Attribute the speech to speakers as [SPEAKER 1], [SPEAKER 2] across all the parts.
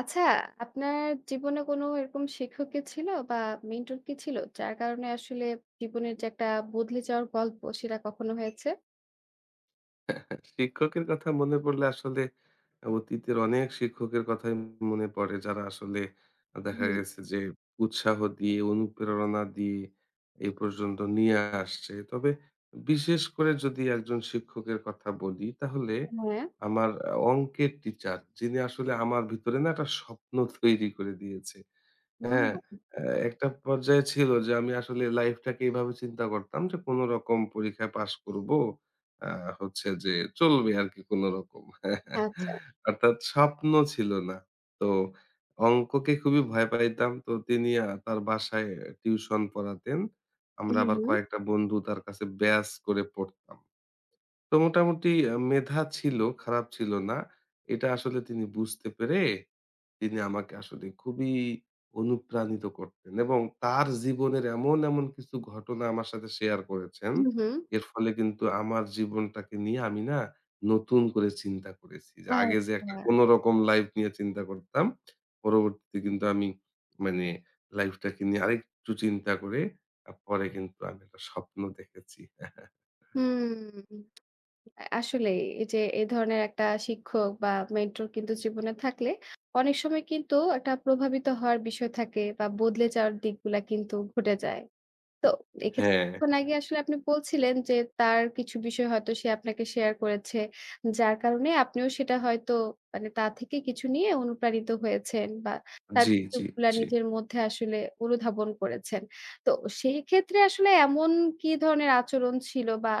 [SPEAKER 1] আচ্ছা আপনার জীবনে কোনো এরকম শিক্ষক কি ছিল বা মেন্টর কি ছিল? যার কারণে আসলে জীবনের যে একটা বদলে যাওয়ার গল্প সেটা কখনো হয়েছে?
[SPEAKER 2] শিক্ষকের কথা মনে পড়লে আসলে অতীতের অনেক শিক্ষকের কথাই মনে পড়ে, যারা আসলে দেখা
[SPEAKER 1] হুম।
[SPEAKER 2] গেছে যে উৎসাহ দিয়ে, অনুপ্রেরণা দিয়ে এ পর্যন্ত নিয়ে আসছে। তবে বিশেষ করে যদি একজন শিক্ষকের কথা বলি তাহলে
[SPEAKER 1] হ্যাঁ।
[SPEAKER 2] আমার অংকের টিচার যিনি আসলে আমার ভিতরে না এটা স্বপ্ন তৈরি করে দিয়েছে।
[SPEAKER 1] উ
[SPEAKER 2] হ্যাঁ?
[SPEAKER 1] হুম।
[SPEAKER 2] একটা পর্যায়ে ছিল যে আমি আসলে লাইফটাকে এভাবে চিন্তা করতাম যে কোনো রকম পরীক্ষায় পাস করবো, আ হচ্ছে যে চলবে আরকি কোনো রকম।
[SPEAKER 1] আচ্ছা।
[SPEAKER 2] অর্থাৎ স্বপ্ন ছিল না। তো অংককে খুবই ভয় পাইতাম তো তিনি আ তার বাসায় টিউশন পড়াতেন। আমরা
[SPEAKER 1] হু,
[SPEAKER 2] আবার
[SPEAKER 1] হু।
[SPEAKER 2] কয়েকটা বন্ধু তার কাছে ব্যাচ করে পড়তাম। তো মোটামুটি আ মেধা ছিল, খারাপ ছিল না। এটা আসলে তিনি বুঝতে পেরে, তিনি আমাকে আসলে খুবই অনুপ্রাণিত করতেন এবং তার জীবনের এমন এমন কিছু ঘটনা আমার সাথে শেয়ার করেছেন,
[SPEAKER 1] হু, হু।
[SPEAKER 2] এর ফলে কিন্তু আমার জীবনটাকে নিয়ে আমি না নতুন করে চিন্তা করেছি যে আগে যে একটা
[SPEAKER 1] আচ্ছা।
[SPEAKER 2] কোনো রকম লাইফ নিয়ে চিন্তা করতাম পরবর্তীতে কিন্তু আমি মানে লাইফটাকে নিয়ে আরেকটু চিন্তা করে পরে কিন্তু আমি একটা স্বপ্ন দেখেছি।
[SPEAKER 1] হুম আ আসলেই এই যে এ ধরনের একটা শিক্ষক বা মেন্টর কিন্তু জীবনে থাকলে অনেক সময় কিন্তু একটা প্রভাবিত হওয়ার বিষয় থাকে বা বদলে যাওয়ার দিকগুলা কিন্তু ঘটে যায়। তো এক্ষেত্রে
[SPEAKER 2] হ্যাঁ,
[SPEAKER 1] কিছুক্ষণ আগে
[SPEAKER 2] হ্যাঁ।
[SPEAKER 1] আসলে আপনি বলছিলেন যে তার কিছু বিষয় হয়তো সে আপনাকে শেয়ার করেছে। যার কারণে আপনিও সেটা হয়তো মানে তা থেকে কিছু নিয়ে অনুপ্রাণিত হয়েছেন বা তার
[SPEAKER 2] জ্বী,
[SPEAKER 1] [unintelligible]
[SPEAKER 2] জ্বী,
[SPEAKER 1] গুলা
[SPEAKER 2] জ্বী।
[SPEAKER 1] নিজের মধ্যে আসলে অনুধাবন করেছেন। তো সেক্ষেত্রে আসলে এমন কি ধরনের আচরণ ছিল বা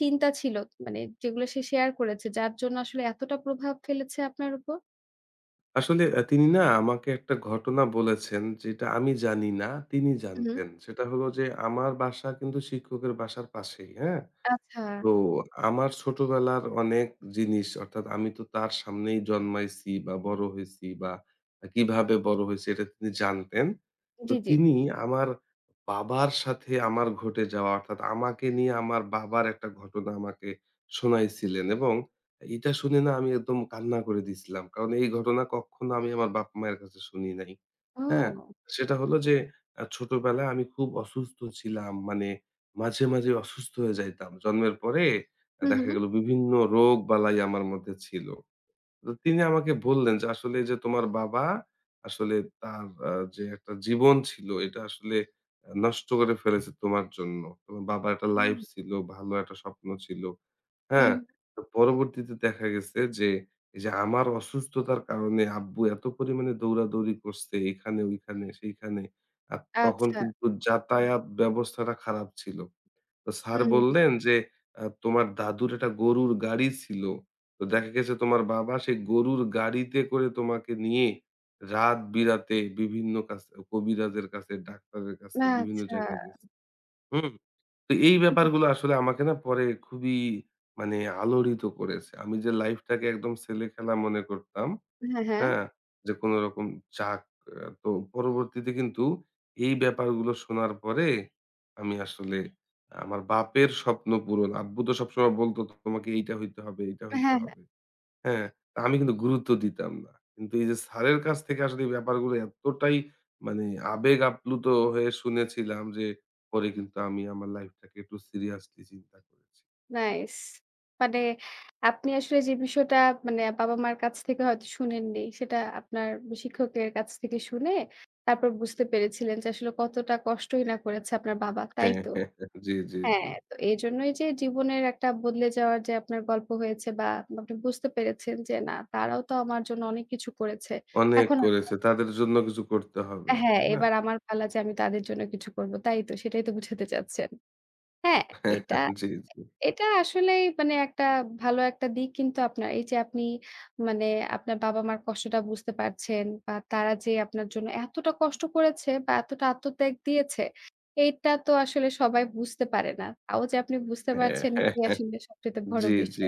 [SPEAKER 1] চিন্তা ছিল? মানে যেগুলো সে শেয়ার করেছে। যার জন্য আসলে এতটা প্রভাব ফেলেছে আপনার উপর?
[SPEAKER 2] আসলে অ্যা তিনি না আমাকে একটা ঘটনা বলেছেন যেটা আমি জানি না, তিনি
[SPEAKER 1] উ হুম।
[SPEAKER 2] জানতেন। সেটা হলো যে আমার বাসা কিন্তু শিক্ষকের বাসার পাশেই। হ্যাঁ?
[SPEAKER 1] আচ্ছা।
[SPEAKER 2] তো আমার ছোটবেলার অনেক জিনিস অর্থাৎ আমি তো তার সামনেই জন্মাইছি বা বড় হইছি বা আ কিভাবে বড় হইছি, এটা তিনি জানতেন। তো
[SPEAKER 1] জি, জি।
[SPEAKER 2] তিনি আমার বাবার সাথে আমার ঘটে যাওয়া, অর্থাৎ আমাকে নিয়ে আমার বাবার একটা ঘটনা আমাকে শুনাইছিলেন এবং এইটা শুনে না আমি একদম কান্না করে দিছিলাম। কারণ এই ঘটনা কখনো আমি আমার বাপ মায়ের কাছে শুনি নাই। হ্যাঁ?
[SPEAKER 1] হুম।
[SPEAKER 2] সেটা হলো যে আ ছোটবেলায় আমি খুব অসুস্থ ছিলাম। মানে মাঝে, মাঝেই অসুস্থ হয়ে যাইতাম। জন্মের পরে
[SPEAKER 1] হুম,
[SPEAKER 2] দেখা
[SPEAKER 1] হুম।
[SPEAKER 2] গেল বিভিন্ন রোগ-বালাই আমার মধ্যে ছিল। তো তিনি আমাকে বললেন যে, "আসলে যে তোমার বাবা আসলে তার আ যে একটা জীবন ছিল, এটা আসলে নষ্ট করে ফেলেছে তোমার জন্য। তোমার বাবার একটা লাইফ
[SPEAKER 1] হুম।
[SPEAKER 2] ছিল, ভালো একটা স্বপ্ন ছিল।"
[SPEAKER 1] হু,
[SPEAKER 2] হ্যাঁ?
[SPEAKER 1] হুম।
[SPEAKER 2] তো পরবর্তীতে দেখা গেছে যে, এই যে আমার অসুস্থতার কারণে আব্বু এত পরিমাণে দৌড়াদৌড়ি করছে এইখানে ঐখানে সেইখানে। আর তখন
[SPEAKER 1] আচ্ছা।
[SPEAKER 2] কিন্তু যাতায়াত ব্যবস্থাটা খারাপ ছিল। তো স্যার
[SPEAKER 1] হম।
[SPEAKER 2] বললেন যে, "অ্যা তোমার দাদুর একটা গরুর গাড়ি ছিল। তো দেখা গেছে তোমার বাবা সেই গরুর গাড়িতে করে তোমাকে নিয়ে রাত বিরাতে বিভিন্ন কাছে কবিরাজের কাছে, ডাক্তারের কাছে
[SPEAKER 1] না,
[SPEAKER 2] বিভিন্ন
[SPEAKER 1] আচ্ছা।
[SPEAKER 2] জায়গায় গেছে।" হু? তো এই ব্যাপারগুলা আসলে আমাকে না পরে খুবই মানে আলোড়িত করেছে। আমি যে লাইফটাকে একদম ছেলে খেলা মনে করতাম,
[SPEAKER 1] হ্যাঁ, হ্যাঁ।
[SPEAKER 2] হ্যাঁ? যে কোনো রকম চাক তো পরবর্তীতে কিন্তু এই ব্যাপারগুলো শোনার পরে আমি আসলে আমার বাপের স্বপ্ন পূরণ, আব্বু তো সবসময় বলত, "তোমাকে এইটা হইতে হবে, এইটা
[SPEAKER 1] অ্যা
[SPEAKER 2] হইতে
[SPEAKER 1] হ্যাঁ, হ্যাঁ।
[SPEAKER 2] হবে।" হ্যাঁ? আমি কিন্তু গুরুত্ব দিতাম না। কিন্তু এই যে স্যারের কাছ থেকে আসলে এ ব্যাপারগুলো এতটাই মানে আবেগ আপ্লুত হয়ে শুনেছিলাম যে পরে কিন্তু আমি আমার লাইফটাকে একটু সিরিয়াসলি চিন্তা করেছি।
[SPEAKER 1] নাইস! মানে আপনি আসলে যে বিষয়টা মানে বাবা-মার কাছ থেকে হয়তো শুনেননি। সেটা আপনার বি শিক্ষকদের কাছ থেকে শুনে তারপর বুঝতে পেরেছিলেন যে আসলে কতটা কষ্টই না করেছে আপনার বাবা। তাই
[SPEAKER 2] হ্যাঁ, হ্যাঁ,
[SPEAKER 1] তো?
[SPEAKER 2] জি, জি, জি।
[SPEAKER 1] হ্যাঁ, তো এইজন্যই যে জীবনের একটা বদলে যাওয়ার যে আপনার গল্প হয়েছে বা পা আপনি বুঝতে পেরেছেন যে "না, তারাও তো আমার জন্য অনেক কিছু করেছে।"
[SPEAKER 2] অনেক
[SPEAKER 1] এখন আমা
[SPEAKER 2] করেছে। তাদের জন্য কিছু করতে হবে,
[SPEAKER 1] অ্যা হ্যাঁ,
[SPEAKER 2] তাই না?
[SPEAKER 1] এবার আমার পালা যে আমি তাদের জন্য কিছু করবো। তাই তো সেটাই তো বুঝাতে চাচ্ছেন। হ্যাঁ,
[SPEAKER 2] হ্যাঁ,
[SPEAKER 1] এটা
[SPEAKER 2] হ্যাঁ। জি, জি।
[SPEAKER 1] এ এটা আসলেই মানে একটা ভালো একটা দিক কিন্তু আপনার। এই যে আপনি মানে আপনার বাবা-মার কষ্টটা বুঝতে পারছেন বা তারা যে আপনার জন্য এতটা কষ্ট করেছে বা এতটা আত্মত্যাগ দিয়েছে, এটা তো আসলে সবাই বুঝতে পারে না। তাও যে আপনি বুঝতে
[SPEAKER 2] হ্যাঁ,
[SPEAKER 1] পারছেন
[SPEAKER 2] হ্যাঁ,
[SPEAKER 1] এটি
[SPEAKER 2] হ্যাঁ।
[SPEAKER 1] আসলে সবচাইতে বড়
[SPEAKER 2] জি, জি।
[SPEAKER 1] বিষয়।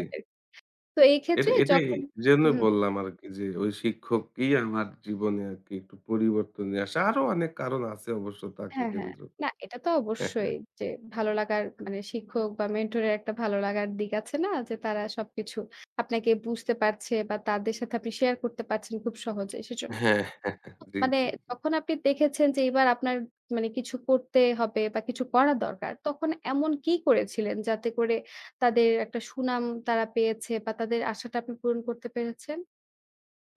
[SPEAKER 1] তো এই
[SPEAKER 2] এটা
[SPEAKER 1] ক্ষেত্রে
[SPEAKER 2] এটাই
[SPEAKER 1] যখন
[SPEAKER 2] এজন্যই
[SPEAKER 1] হু।
[SPEAKER 2] বললাম আরকি যে, ওই শিক্ষককেই আমার জীবনে আরকি একটু পরিবর্তন নিয়ে আসা। আরো অনেক কারণ আছে অবশ্য তাকে
[SPEAKER 1] হ্যাঁ, হ্যাঁ।
[SPEAKER 2] কেন্দ্র
[SPEAKER 1] না
[SPEAKER 2] করে।
[SPEAKER 1] এটা তো
[SPEAKER 2] হ্যাঁ, হ্যাঁ।
[SPEAKER 1] অবশ্যই যে ভালো লাগার মানে শিক্ষক বা মেন্টরের একটা ভালো লাগার দিক আছে না? যে তারা সবকিছু আপনাকে বুঝতে পারছে বা তাদের সাথে আপনি শেয়ার করতে পারছেন খুব সহজেই সেজন্য।
[SPEAKER 2] হ্যাঁ, হ্যাঁ, হ্যাঁ।
[SPEAKER 1] মা
[SPEAKER 2] জি,
[SPEAKER 1] মানে
[SPEAKER 2] জি, জি।
[SPEAKER 1] যখন আপনি দেখেছেন যে এবার আপনার মানে কিছু করতে হবে বা কিছু করা দরকার, তখন এমন কী করেছিলেন যাতে করে তাদের একটা সুনাম তারা পেয়েছে বা তাদের আশাটা আপনি পূরণ করতে পেরেছেন?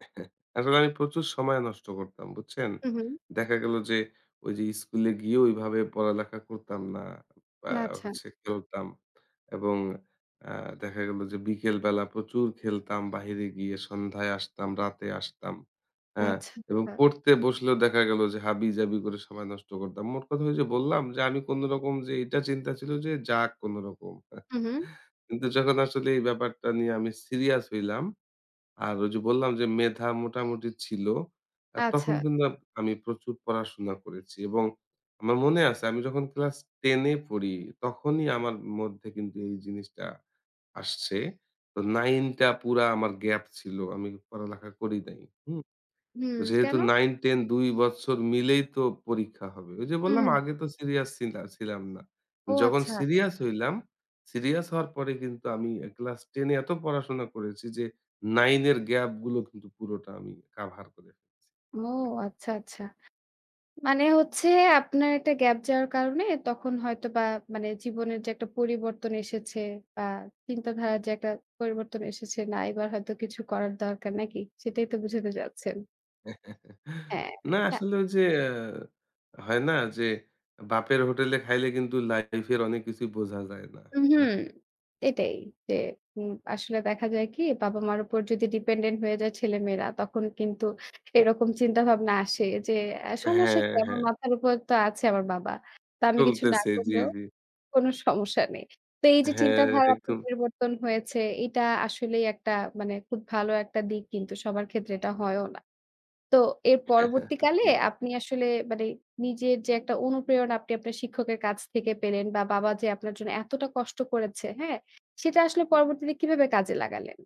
[SPEAKER 2] আসলে আমি প্রচুর সময় নষ্ট করতাম, বুঝছেন?
[SPEAKER 1] হু, হু।
[SPEAKER 2] দেখা গেল যে ঐ যে স্কুলে গিয়ে ঐভাবে পড়ালেখা করতাম না। বা
[SPEAKER 1] না, আচ্ছা।
[SPEAKER 2] হচ্ছে খেলতাম। এবং আ দেখা গেল যে বিকেল বেলা প্রচুর খেলতাম। বাহিরে গিয়ে সন্ধ্যায় আসতাম, রাতে আসতাম। আ
[SPEAKER 1] আচ্ছা,
[SPEAKER 2] এবং
[SPEAKER 1] আ
[SPEAKER 2] পড়তে বসলেও দেখা গেল যে হাবিজাবি করে সময় নষ্ট করতাম। মোট কথা ঐযে বললাম যে আমি কোনোরকম যে এটা চিন্তা ছিল যে যাক কোনোরকম।
[SPEAKER 1] হু, হু।
[SPEAKER 2] কিন্তু যখন আসলে এই ব্যাপারটা নিয়ে আমি সিরিয়াস হইলাম। আর ওই যে বললাম যে মেধা মোটামুটি ছিল। আর তখন
[SPEAKER 1] আচ্ছা।
[SPEAKER 2] কিন্তু আমি প্রচুর পড়াশোনা করেছি, এবং আমার মনে আছে আমি যখন ক্লাস 10 এ পড়ি তখনই আমার মধ্যে কিন্তু এই জিনিসটা আসছে। তো 9 টা পুরা আমার গ্যাপ ছিল। আমি পড়ালেখা করি নাই। হু?
[SPEAKER 1] হুম,
[SPEAKER 2] যেহেতু
[SPEAKER 1] কেনো?
[SPEAKER 2] 9-10 ২ বৎসর মিলেই তো পরীক্ষা হবে। ঐ যে বললাম
[SPEAKER 1] হুম।
[SPEAKER 2] আগে তো সিরিয়াস ছিলা ছিলাম না।
[SPEAKER 1] ও,
[SPEAKER 2] যখন
[SPEAKER 1] আচ্ছা।
[SPEAKER 2] সিরিয়াস হইলাম, সিরিয়াস হওয়ার পরে কিন্তু আমি ক্লাস 10 এ এত পড়াশোনা করেছি যে 9 এর গ্যাপ গুলো কিন্তু পুরোটা আমি কাভার করে ফেলছি।
[SPEAKER 1] ও আচ্ছা, আচ্ছা। মানে হচ্ছে আপনার একটা গ্যাপ যাওয়ার কারণে তখন হয়তোবা মানে জীবনের যে একটা পরিবর্তন এসেছে, বা চিন্তাধারার যে একটা পরিবর্তন এসেছে না এবার হয়তো কিছু করার দরকার নাকি? সেটাই তো বুঝাতে যাচ্ছেন। হ্যাঁ
[SPEAKER 2] না
[SPEAKER 1] না
[SPEAKER 2] আসলে, ওই যে হয় না যে বাপের হোটেলে খাইলে কিন্তু লাইফ এর অনেক কিছুই বোঝা যায় না।
[SPEAKER 1] উম হুম। এটাই যে উ আসলে দেখা যায় কি বাবা-মার উপর যদি ডিপেন্ডেন্ট হয়ে যায় ছেলেমেয়েরা। তখন কিন্তু এরকম চিন্তাভাবনা আসে যে সমস্যা
[SPEAKER 2] হ্যাঁ,
[SPEAKER 1] কি? আমার
[SPEAKER 2] হ্যাঁ।
[SPEAKER 1] মাথার উপর তো আছে আমার বাবা। তো আমি কিছু না
[SPEAKER 2] চলতেছে, জি,
[SPEAKER 1] করলেও
[SPEAKER 2] জি।
[SPEAKER 1] কোনো সমস্যা নেই। তো এই যে
[SPEAKER 2] হ্যাঁ,
[SPEAKER 1] চিন্তাধার
[SPEAKER 2] একদম।
[SPEAKER 1] পরিবর্তন হয়েছে এটা আসলেই একটা মানে খুব ভালো একটা দিক কিন্তু সবার ক্ষেত্রে এটা হয়ও না। তো এর
[SPEAKER 2] হ্যাঁ,
[SPEAKER 1] পরবর্তীকালে
[SPEAKER 2] আসলে।
[SPEAKER 1] আপনি আসলে মানে নিজের যে একটা অনুপ্রেরণা আপনি আপনার শিক্ষকের কাছ থেকে পেলেন বা বাবা যে আপনার জন্য এতটা কষ্ট করেছে, হ্যাঁ? সেটা আসলে পরবর্তীতে কিভাবে কাজে লাগালেন?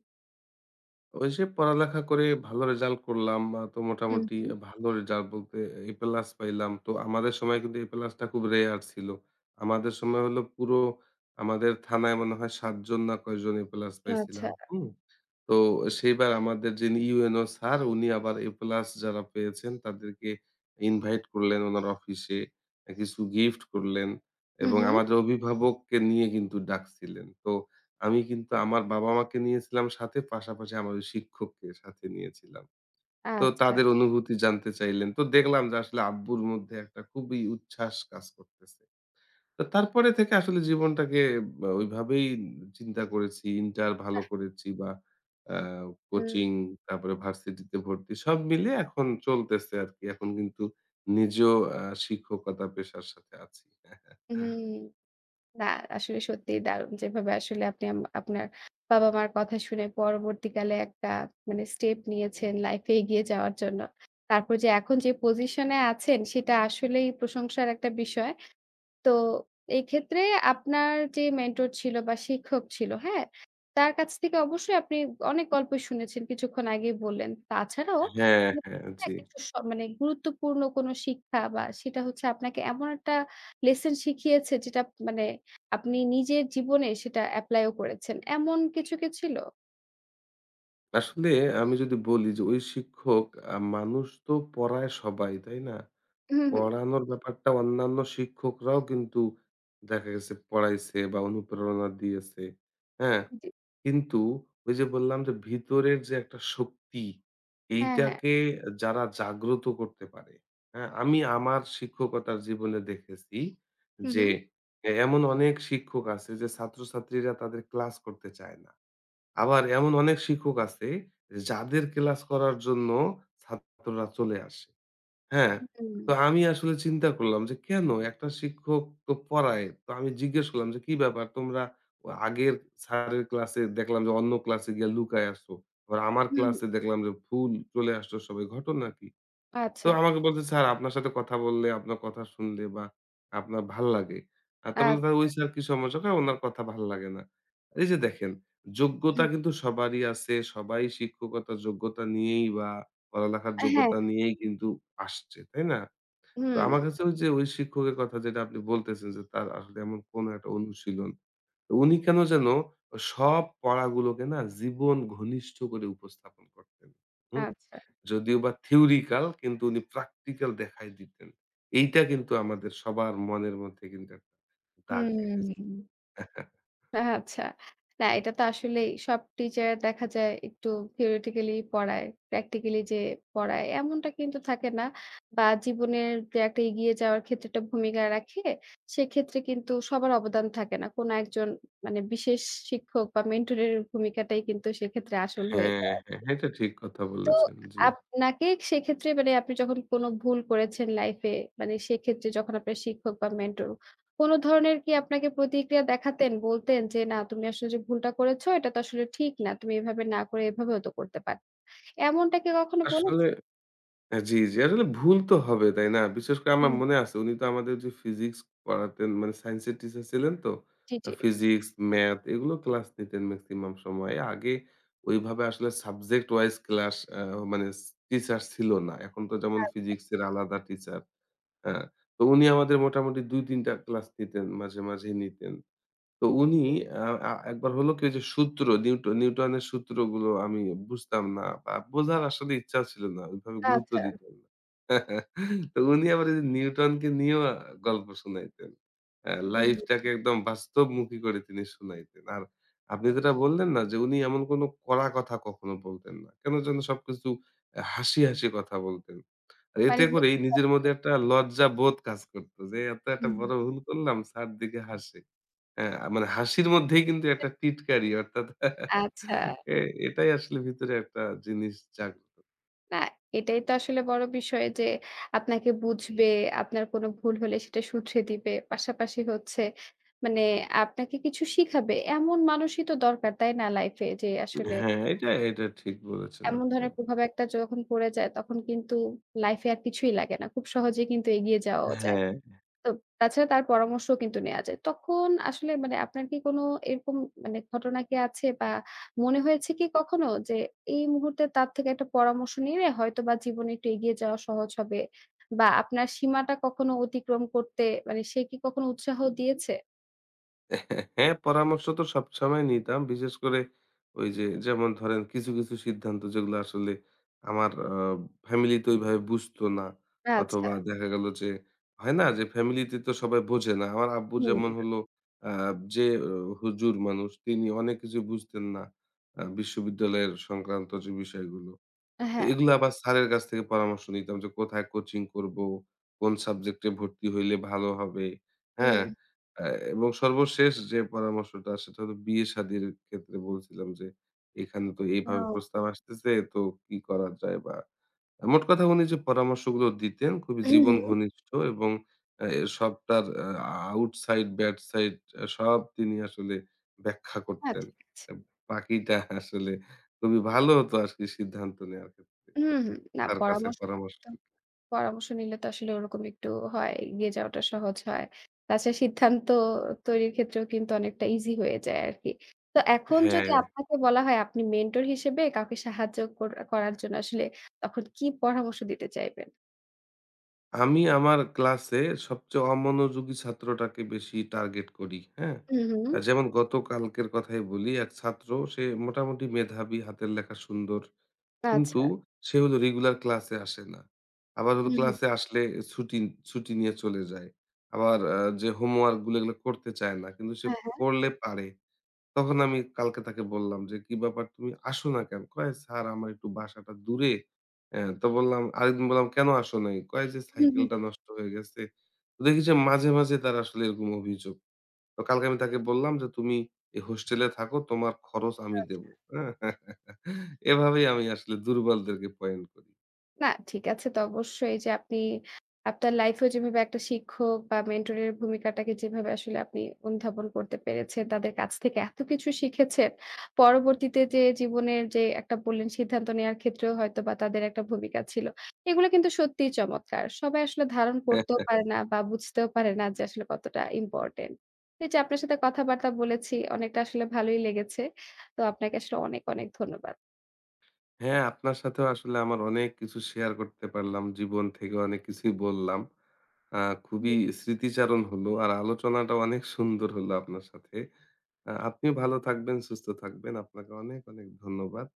[SPEAKER 2] ওইযে পড়ালেখা করে ভালো রেজাল্ট করলাম। আ তো
[SPEAKER 1] হুম,
[SPEAKER 2] মোটামুটি
[SPEAKER 1] হুম।
[SPEAKER 2] আ ভালো রেজাল্ট বলতে এ প্লাস পাইলাম। তো আমাদের সময় কিন্তু এ প্লাসটা খুব রেয়ার ছিলো। আমাদের সময় হলো পুরো আমাদের থানায় মনে হয় ৭ জন না কয়েকজন এ প্লাস
[SPEAKER 1] আচ্ছা।
[SPEAKER 2] পাইছিলাম, হুম? তো সেইবার আমাদের যিনি UNO স্যার উনি আবার এ প্লাস যারা পেয়েছেন তাদেরকে ইনভাইট করলেন ওনার অফিসে। অ্যা কিছু গিফট করলেন
[SPEAKER 1] হু,
[SPEAKER 2] এবং
[SPEAKER 1] হুম।
[SPEAKER 2] আমাদের অভিভাবককে নিয়ে কিন্তু ডাকছিলেন। তো আমি কিন্তু আমার বাবা-মাকে নিয়েছিলাম সাথে পাশাপাশি আমার ওই শিক্ষককে সাথে নিয়েছিলাম। তো
[SPEAKER 1] আচ্ছা।
[SPEAKER 2] তাদের অনুভূতি জানতে চাইলেন। তো দেখলাম যে আসলে আব্বুর মধ্যে একটা খুবই উচ্ছ্বাস কাজ করতেছে। তো তারপরে থেকে আসলে জীবনটাকে ব ওইভাবেই উ চিন্তা করেছি। ইন্টার ভালো
[SPEAKER 1] অ্যাহ
[SPEAKER 2] করেছি বা অ্যা
[SPEAKER 1] হুম।
[SPEAKER 2] কোচিং, তারপরে ভার্সিটিতে ভর্তি, সব মিলিয়ে এখন চলতেছে আরকি, এখন কিন্তু নিজেও অ্যা শিক্ষকতা পেশার সাথে আছি।
[SPEAKER 1] উহুম, না আসলে সত্যিই দারুণ। যেভাবে আসলে আপনি আম আপনার বাবা-মার কথা শুনে পরবর্তীকালে মানে একটা স্টেপ নিয়েছেন লাইফে এগিয়ে যাওয়ার জন্য, তারপর যে এখন যে পজিশনে আছেন সেটা আসলেই প্রশংসার একটা বিষয়। তো, এক্ষেত্রে আপনার যে মেন্টর ছিলো বা শিক্ষক ছিলো, হ্যাঁ? তার কাছ থেকে অবশ্যই আপনি অনেক গল্পই শুনেছেন, কিছুক্ষণ আগেই বললেন। তাছাড়াও
[SPEAKER 2] হ্যাঁ,
[SPEAKER 1] মানে
[SPEAKER 2] হ্যাঁ,
[SPEAKER 1] থাকে না?
[SPEAKER 2] জ্বি।
[SPEAKER 1] একেকটা সময় গুরুত্বপূর্ণ কোনো শিক্ষা বা সেটা হচ্ছে আপনাকে এমন একটা লেসন শিখিয়েছে যেটা আপ মানে আপনি নিজের জীবনে সেটা এপ্লাইও করেছেন, এমন কিছু কি ছিলো?
[SPEAKER 2] আসলে আমি যদি বলি যে ওই শিক্ষক আ মানুষ তো পড়ায় সবাই, তাই না?
[SPEAKER 1] হুম, হুম।
[SPEAKER 2] পড়ানোর ব্যাপারটা অন্যান্য শিক্ষকরাও কিন্তু দেখা গেছে পড়াইছে বা অনুপ্রেরণা দিয়েছে। হ্যাঁ?
[SPEAKER 1] জি।
[SPEAKER 2] কিন্তু ওই যে বললাম যে ভিতরের যে একটা শক্তি,
[SPEAKER 1] হ্যাঁ, হ্যাঁ।
[SPEAKER 2] এইটাকে এ যারা জাগ্রত করতে পারে। হ্যাঁ? আমি আমার শিক্ষকতার জীবনে দেখেছি
[SPEAKER 1] হুম,
[SPEAKER 2] যে
[SPEAKER 1] হুম।
[SPEAKER 2] এ এমন অনেক শিক্ষক আছে যে ছাত্রছাত্রীরা তাদের ক্লাস করতে চায় না। আবার এমন অনেক শিক্ষক আছে এ যাদের ক্লাস করার জন্য ছাত্ররা চলে আসে। হ্যাঁ?
[SPEAKER 1] হুম।
[SPEAKER 2] তো আমি আসলে চিন্তা করলাম যে কেন? একটা শিক্ষক তো পড়ায়। তো আমি জিজ্ঞেস করলাম যে, "কি ব্যাপার তোমরা তো আগের স্যারের ক্লাসে দেখলাম যে অন্য ক্লাসে গিয়া লুকায়া আছো। আবার আমার
[SPEAKER 1] হুম, হুম।
[SPEAKER 2] ক্লাসে দেখলাম যে ফুল চলে আসছো সবাই, ঘটনা কী?" তো
[SPEAKER 1] আচ্ছা।
[SPEAKER 2] আমাকে বলছে, "স্যার আপনার সাথে কথা বললে আপনার কথা শুনলে বা আপনার ভাল্লাগে।" আর তারপর বলছি, "তালে ওই
[SPEAKER 1] আচ্ছা।
[SPEAKER 2] স্যারের কি সমস্যা?" কয়, "উনার কথা ভাল্লাগে না।" এই যে দেখেন, যোগ্যতা
[SPEAKER 1] হুম।
[SPEAKER 2] কিন্তু সবারই আছে। সবাই শিক্ষকতার যোগ্যতা নিয়েই বা পড়ালেখার
[SPEAKER 1] আ হ্যাঁ,
[SPEAKER 2] যোগ্যতা
[SPEAKER 1] হ্যাঁ।
[SPEAKER 2] নিয়েই কিন্তু আসছে। তাই না? তো
[SPEAKER 1] হুম।
[SPEAKER 2] আমার কাছেও যে ওই শিক্ষকের কথা যেটা আপনি বলতেছেন, যে তার আসলে এমন কোনো একটা অনুশীলন। তো উনি কেন যেন ও সব পড়াগুলোকে না জীবন ঘনিষ্ঠ করে উপস্থাপন করতেন, হুম?
[SPEAKER 1] আচ্ছা।
[SPEAKER 2] যদিও বা থিওরিটিক্যাল কিন্তু উনি প্র্যাকটিক্যাল দেখায় দিতেন। এইটা কিন্তু আমাদের সবার মনের মধ্যে কিন্তু একটা দাগ কেটে যায়।
[SPEAKER 1] হুম। আ আচ্ছা। না এটা তো আসলেই সব টিচার দেখা যায় একটু থিওরেটিক্যালিই পড়ায়। প্র্যাকটিক্যালি যে পড়ায় এমনটা কিন্তু থাকে না বা জীবনের যে একটা এগিয়ে যাওয়ার ক্ষেত্রে একটা ভূমিকা রাখে, সেক্ষেত্রে কিন্তু সবার অবদান থাকে না। কোনো একজন মানে বিশেষ শিক্ষক বা মেন্টরের ভূমিকাটাই কিন্তু সেক্ষেত্রে আসল হয়ে
[SPEAKER 2] হ্যাঁ,
[SPEAKER 1] যায় আরকি।
[SPEAKER 2] হ্যাঁ, এটা ঠিক কথা
[SPEAKER 1] তো
[SPEAKER 2] বলেছেন, জ্বি।
[SPEAKER 1] আপনাকে সেক্ষেত্রে মানে আপনি যখন কোনো ভুল করেছেন লাইফে মানে সেক্ষেত্রে যখন আপনার শিক্ষক বা মেন্টর কোনো ধরনের কি আপনাকে প্রতিক্রিয়া দেখাতেন? বলতেন যে, "না, তুমি আসলে যে ভুলটা করেছ, এটা তো আসলে ঠিক না। তুমি এভাবে না করে এভাবেও তো করতে পারতে।" এমনটা কি কখনো
[SPEAKER 2] আসলে
[SPEAKER 1] বলেছে?
[SPEAKER 2] হ্যাঁ, জ্বি, জ্বি। আসলে ভুল তো হবে, তাই না? বিশেষ করে আমার
[SPEAKER 1] হুম।
[SPEAKER 2] মনে আছে উনি তো আমাদের যে ফিজিক্স পড়াতেন মানে সাইন্স এর টিচার ছিলেন তো।
[SPEAKER 1] জি,
[SPEAKER 2] আ
[SPEAKER 1] জি।
[SPEAKER 2] ফিজিক্স, ম্যাথ এগুলো ক্লাস নিতেন ম্যাক্সিমাম সময়ে। আগে ওইভাবে আসলে সাবজেক্ট ওয়াইজ ক্লাস আ মানে ছি টিচার ছিল না। এখন তো যেমন
[SPEAKER 1] আচ্ছা।
[SPEAKER 2] ফিজিক্স এর আলাদা টিচার হ্যাঁ, তো উনি আমাদের মোটামুটি ২-৩ টা ক্লাস নিতেন। মাঝে, মাঝেই নিতেন। তো উনি
[SPEAKER 1] হু।
[SPEAKER 2] আ অ্যা একবার হলো কি ওই যে সূত্র, নিউট নিউটনের সুত্রগুলো আমি বুঝতাম না বা বোঝার আসলে ইচ্ছা ছিল না। ওইভাবে গুরুত্ব
[SPEAKER 1] আচ্ছা।
[SPEAKER 2] দিতাম না। তো উনি আবার ওই যে নিউটনকে নিয়েও গল্প শুনাইতেন। অ্যা লাইফটাকে
[SPEAKER 1] উম।
[SPEAKER 2] একদম বাস্তবমুখী করে তিনি শুনাইতেন। আর আপনি যেটা বললেন না যে উনি এমন কোনো কড়া কথা কখনো বলতেন না। কেন যেন সবকিছু অ্যা হাসি, হাসি কথা বলতেন। আর
[SPEAKER 1] মানে।
[SPEAKER 2] এতে
[SPEAKER 1] [unintelligible]
[SPEAKER 2] করেই নিজের মধ্যে একটা লজ্জাবোধ কাজ করতো যে, "এত একটা
[SPEAKER 1] হুম।
[SPEAKER 2] বড় ভুল করলাম? স্যার দেখে হাসে।" হ্যাঁ, মানে হাসির মধ্যেই কিন্তু
[SPEAKER 1] [unintelligible]
[SPEAKER 2] একটা টিটকারি অর্থাৎ হ্যাঁ,
[SPEAKER 1] আচ্ছা।
[SPEAKER 2] এ এটাই আসলে ভিতরে একটা জিনিস জাগ্রত
[SPEAKER 1] না এটাই তো আসলে বড় বিষয় যে আপনাকে বুঝবে, আপনার কোন ভুল হলে সেটা শুধরে দিবে। পাশাপাশি হচ্ছে মানে আপনাকে কিছু শিখাবে। এমন মানুষই তো দরকার তাই না লাইফ এ? যে আসলে
[SPEAKER 2] হ্যাঁ, এটা, এটা ঠিক বলেছেন
[SPEAKER 1] এমন
[SPEAKER 2] আপনি
[SPEAKER 1] ধরনের
[SPEAKER 2] একদম।
[SPEAKER 1] প্রভাব একটা যখন পড়ে যায় তখন কিন্তু লাইফ এ আর কিছুই লাগে না। খুব সহজেই কিন্তু এগিয়ে যাওয়াও যায়।
[SPEAKER 2] হ্যাঁ।
[SPEAKER 1] তো তাছাড়া তার পরামর্শও কিন্তু নেয়া যায়। তখন আসলে মানে আপনার কি কোনো এরকম মানে ঘটনা কি আছে? বা মনে হয়েছে কি কখনো যে এই মুহূর্তে তার থেকে একটা পরামর্শ নিলে, হয়তোবা জীবনে একটু এগিয়ে যাওয়া সহজ হবে বা আপনার সীমাটা কখনো অতিক্রম করতে মানে সে কি কখনো উৎসাহ দিয়েছে?
[SPEAKER 2] হ্যাঁ, পরামর্শ তো সবসময় নিতাম। বিশেষ করে ওই যে যেমন ধরেন কিছু, কিছু সিদ্ধান্ত যেগুলো আসলে আমার আ ফ্যামিলি তো ওইভাবে বুঝত না।
[SPEAKER 1] আচ্ছা।
[SPEAKER 2] অথবা দেখা গেল যে হয় না যে ফ্যামিলি তে তো সবাই বোঝে না। আমার আব্বু
[SPEAKER 1] হুম।
[SPEAKER 2] যেমন হল অ্যা যে হুজুর মানুষ তিনি অনেক কিছুই বুঝতেন না। অ্যা বিশ্ববিদ্যালয়ের সংক্রান্ত যে বিষয়গুলো।
[SPEAKER 1] আ
[SPEAKER 2] তো
[SPEAKER 1] হ্যাঁ।
[SPEAKER 2] এগুলো আবার স্যারের কাছ থেকে পরামর্শ নিতাম যে কোথায় কোচিং করব, কোন সাবজেক্ট এ ভর্তি হইলে ভালো হবে। হ্যাঁ?
[SPEAKER 1] হুম।
[SPEAKER 2] অ্যা এবং সর্বশেষ যে পরামর্শটা সেটা হলো বিয়ে-শাদির ক্ষেত্রে বলছিলাম যে এখানে তো এভাবে
[SPEAKER 1] ও।
[SPEAKER 2] প্রস্তাব আসতেছে তো কি করা যায়? বা মোট কথা উনি যে পরামর্শগুলো দিতেন, খুবই
[SPEAKER 1] হু,
[SPEAKER 2] জীবন
[SPEAKER 1] হু।
[SPEAKER 2] ঘনিষ্ঠ এবং এর সবটার আ আউটসাইড ব্যাড সাইড সব তিনি আসলে ব্যাখ্যা করতেন।
[SPEAKER 1] আচ্ছা আচ্ছা।
[SPEAKER 2] বাকিটা আসলে খুবই ভালো হতো আজকে সিদ্ধান্ত নেওয়ার ক্ষেত্রে।
[SPEAKER 1] হুম, হুম, না
[SPEAKER 2] তার কাছে
[SPEAKER 1] পরামর্শ
[SPEAKER 2] পরামর্শ
[SPEAKER 1] পরামর্শ নিলে তো আসলে ওরকম একটু হয়। এগিয়ে যাওয়াটা সহজ হয়। তাছাড়া সিদ্ধান্ত তৈরির ক্ষেত্রেও কিন্তু অনেকটা ইজি হয়ে যায় আরকি। তো এখন যদি
[SPEAKER 2] হ্যাঁ।
[SPEAKER 1] আপনাকে বলা হয় আপনি মেন্টর হিসেবে কাউকে সাহায্য কর করার জন্য আসলে তখন কি পরামর্শ দিতে চাইবেন?
[SPEAKER 2] আমি আমার ক্লাসে সবচেয়ে অমনোযোগী ছাত্রটাকে বেশি টার্গেট করি। হ্যাঁ?
[SPEAKER 1] হুম,
[SPEAKER 2] আ
[SPEAKER 1] হুম।
[SPEAKER 2] যেমন গত কালকের কথাই বলি এক ছাত্র সে মোটামুটি মেধাবী হাতের লেখা সুন্দর। কিন্তু
[SPEAKER 1] আচ্ছা।
[SPEAKER 2] সে হলো রেগুলার ক্লাসে আসে না। আবার হলো
[SPEAKER 1] হুম, হুম।
[SPEAKER 2] ক্লাসে আসলে ছুটি, ছুটি নিয়ে চলে যায়। আবার আ যে হোমওয়ার্ক গুলো এগুলা করতে চায় না। কিন্তু সে
[SPEAKER 1] হ্যাঁ, হ্যাঁ।
[SPEAKER 2] পড়লে পারে। তখন আমি কালকে তাকে বললাম যে, "কি ব্যাপার তুমি আসো না কেনো?" কয়, "স্যার আমার একটু বাসাটা দূরে।" আ তো বললাম আরেকদিন বললাম, "কেনো আসো নাই"? কয়, "এযে
[SPEAKER 1] হুম, হুম।
[SPEAKER 2] সাইকেলটা নষ্ট হয়ে গেছে।" তো দেখি যে মাঝে, মাঝে তার আসলে এরকম অভিযোগ। তো কালকে আমি তাকে বললাম যে, "তুমি এই হোস্টেলে থাকো, তোমার খরচ আমি
[SPEAKER 1] আচ্ছা।
[SPEAKER 2] দেব।" হ্যাঁ? এভাবেই আমি আসলে দুর্বলদেরকে পয়েন্ট করি।
[SPEAKER 1] না ঠিক আছে তো অবশ্যই যে আপনি আপনার লাইফ এ যেভাবে একটা শিক্ষক বা মেন্টর এর ভূমিকাটাকে যেভাবে আসলে আপনি অনুধাবন করতে পেরেছেন, তাদের কাছ থেকে এত কিছু শিখেছে। পরবর্তীতে যে জীবনের যে একটা বললেন সিদ্ধান্ত নেয়ার ক্ষেত্রেও হয়তোবা তাদের একটা ভূমিকা ছিল। এগুলা কিন্তু সত্যিই চমৎকার। সবাই আসলে ধারণ
[SPEAKER 2] হ্যাঁ,
[SPEAKER 1] করতেও
[SPEAKER 2] হ্যাঁ।
[SPEAKER 1] পারে না বা বুঝতেও পারে না যে আসলে কতটা ইম্পর্টেন্ট। এই যে আপনার সাথে কথাবার্তা বলেছি। অনেকটা আসলে ভালই লেগেছে। তো আপনাকে আসলে অনেক, অনেক ধন্যবাদ।
[SPEAKER 2] হ্যাঁ আপনার সাথেও আসলে আমার অনেক কিছু শেয়ার করতে পারলাম। জীবন থেকে অনেক কিছুই বললাম। আ
[SPEAKER 1] হু।
[SPEAKER 2] খুবই স্মৃতিচারণ হলো আর আলোচনাটাও অনেক সুন্দর হলো আপনার সাথে। আ আপনি ভালো থাকবেন, সুস্থ থাকবেন। আপনাকে অনেক, অনেক ধন্যবাদ।